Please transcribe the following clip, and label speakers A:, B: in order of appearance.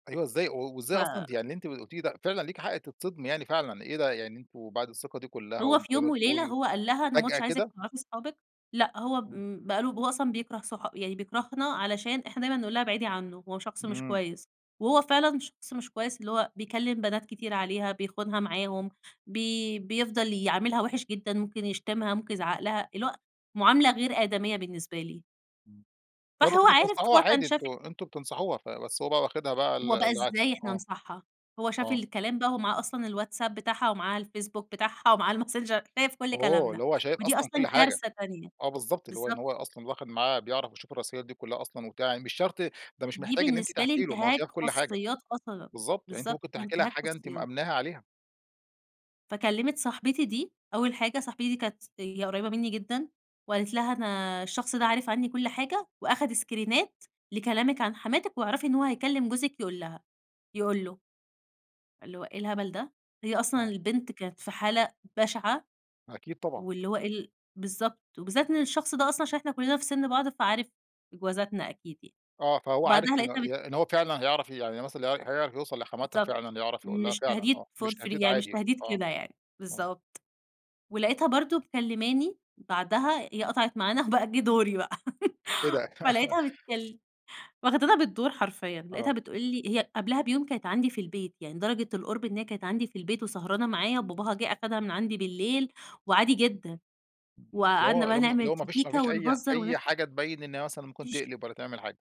A: أيوه إزاي؟ و
B: ف
A: وإزاي أصلًا ده يعني اللي أنتِ ق قُلتيه ده فعلًا ليكِ حَق تتصدمي يعني فعلًا إيه ده؟! يعني أنتم بعد الثقة دي كُلّها
B: هو
A: وأنتِ
B: في
A: زي ما
B: يوم وليلة
A: بتقولي
B: هو قال لها: "أنا ما
A: فجأة
B: عُدتش عايزِك
A: كده!
B: تعرفي اصحابِك." لأ هو
A: آه.
B: بم بقى له ب هو أصلًا بيكره صح يعني بيكرهنا علشان إحنا دايمًا نقول لها ابعدي عنّه هو شخص مش
A: إمم.
B: كويس. وهو فعلًا شخص مش كويس اللي هو بيكلّم بنات كتير عليها، بيخونها معاهم، بي بيفضل يعاملها وِحِش جدًا، ممكن يشتمها، ممكن يزعّق لها، اللي هو مُعاملة غير آدَميّة بالنسبة لي.
A: إمم. هو أنتم
B: فهو
A: كنتوا
B: عارف
A: بتنصحوها
B: هو كان
A: عادي،
B: شاف
A: أنتم أنتم بتنصحوها ف بس هو بقى واخدها بقى ال
B: هو بقى
A: العكس
B: إزاي إحنا
A: آه.
B: ننصحها؟ هو شاف
A: آه.
B: الكلام بقى، هو معاه أصلًا الواتساب بتاعها، ومعاه الفيسبوك بتاعها ومعاه الماسنجر، شايف كل
A: أوه!
B: كلامنا.
A: اللي هو شايف
B: ودي
A: أصلًا كل
B: أصلًا
A: حاجة.
B: كارثة تانية.
A: آه بالضبط. اللي هو إن
B: بالضبط.
A: هو ي أصلًا واخد معاه بيعرف يشوف الرسايل دي كُلّها أصلًا وبتاع يعني مش شرط ده مش
B: دي
A: محتاج إن أنتِ
B: بالنسبة لي
A: تحكي له، ما هو
B: إنتهاك
A: شايف كل حاجة.
B: خصوصيات أصلًا.
A: بالضبط. يعني أنتِ
B: بالضبط.
A: ممكن تحكي لها
B: وإنتهاك
A: حاجة أنتِ
B: خصوصيات.
A: مأمِّناها عليها.
B: فكلِّمت صاحبتي دي، أول حاجة صاحبتي دي كانت س هي قريّبة منّي جدًا وقالت لها: "أنا الشخص ده عارف عنّي كل حاجة وأخِد اسكرينات لكلامِك عن حماتِك واعرفي إن هو هيكلّم جوزِك يقول لها يقول له." اللي هو إيه الهبل ده؟! هي أصلًا
A: آه.
B: البنت كانت في حالة بَشِعَة،
A: أكيد طبعًا.
B: واللي هو إيه ال بالضبط. وبالذات إن الشخص ده أصلًا عشان إحنا كُلّنا في سِن بعض فعارف إجوازاتنا أكيد يعني.
A: آه. فهو عارف
B: بعدها
A: ال
B: لقيتها بت
A: ي إن هو فعلًا هيعرف يعني مثلًا ال هي هيعرف يوصل لحَمَاتها
B: بالضبط.
A: فعلًا، يعرف يقول لها
B: مش
A: فعلًا
B: تهديد
A: آه.
B: for
A: مش
B: free،
A: تهديد
B: يعني مش
A: عادي
B: تهديد
A: آه.
B: كده يعني.
A: آه.
B: بالضبط. ولقيتها برضه مكلِّماني، بعدها هي قطعت معانا، وبقى جِه دوري بقى.
A: إيه ده؟
B: فلقيتها بتكل واخدانا بالدور حرفيًا. لقيتها
A: آه.
B: بتقول لي هي قبلها بيوم كانت عندي في البيت، يعني درجة القُرب إن هي كانت عندي في البيت، وسهرانة معايا وباباها جِه أخدها من عندي بالليل وعادي جدًا.
A: اللي
B: وقعدنا
A: هو
B: بقى
A: اللي هو م اللي
B: نعمل
A: هو ما
B: في
A: فيش ما
B: كيكة
A: فيش أي ح
B: ونهزّر ونضح
A: أي حاجة تبيّن إن هي مثلًا ممكن
B: فيش
A: تقلب والّا تعمل حاجة.